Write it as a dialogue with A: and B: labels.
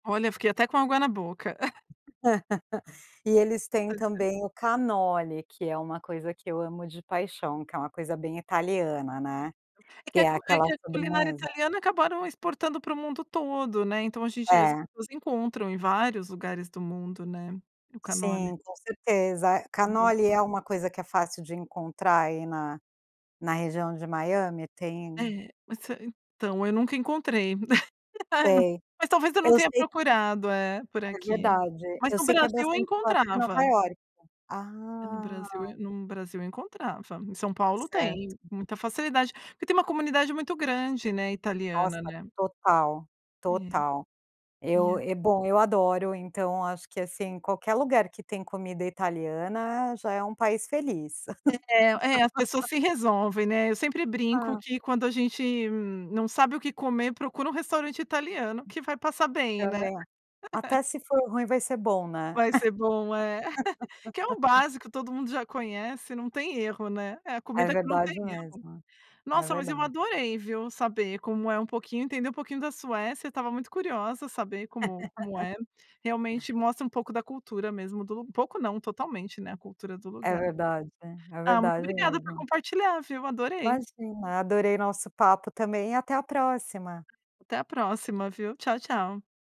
A: Olha, fiquei até com água na boca.
B: E eles têm
A: Ai, tempo.
B: também o cannoli, que é uma coisa que eu amo de paixão, que é uma coisa bem italiana, né?
A: É que
B: Que
A: a
B: é
A: cu é
B: aquela
A: que a culinária
B: sobremesa.
A: italiana acabaram exportando pro mundo todo, né? Então, a gente as
B: É.
A: pessoas encontram em vários lugares do mundo, né, o cannoli.
B: Sim, com certeza.
A: Então
B: Cannoli é uma coisa que é fácil de encontrar aí, na na região de Miami? Tem
A: É, essa então, eu nunca encontrei, ai não
B: Sei.
A: mas talvez eu não
B: Eu
A: tenha
B: sei
A: procurado, eh, por
B: É
A: aqui,
B: verdade.
A: mas
B: Eu
A: no
B: sei que é
A: Brasil eu
B: bastante forte em Nova
A: encontrava.
B: Iorque
A: É, no
B: Ah!
A: Brasil, eh num Brasil eu encontrava. Em São Paulo tem
B: Certo.
A: muita facilidade porque tem uma comunidade muito grande, né,
B: Nossa
A: italiana, né.
B: total!
A: É.
B: Total.
A: E
B: Eu
A: a
B: e bom, eu adoro, então, acho que assim, qualquer lugar que tem comida italiana já é um país feliz.
A: É é, as pessoas se resolvem, né? Eu sempre brinco
B: Ah.
A: que quando a gente não sabe o que comer, procura um restaurante italiano que vai passar bem, né?
B: Também a até se for ruim vai ser bom, né?
A: Vai ser bom é, que é o básico, todo mundo já conhece, não tem erro, né? É a
B: É
A: comida que não tem
B: verdade
A: erro.
B: mesmo. É
A: Nossa! Mas eu
B: verdade.
A: adorei, viu? Saber como é um pouquinho entender um pouquinho da Suécia, tava muito curiosa saber como como é. Realmente mostra um pouco da cultura mesmo do um pouco não, totalmente, né, a cultura do
B: É
A: lugar.
B: verdade. É
A: Ah, muito
B: verdade
A: obrigada por
B: mesmo.
A: compartilhar, viu? Adorei.
B: Imagina, adorei nosso papo também e até a próxima.
A: Até a próxima, viu. Tchau, tchau.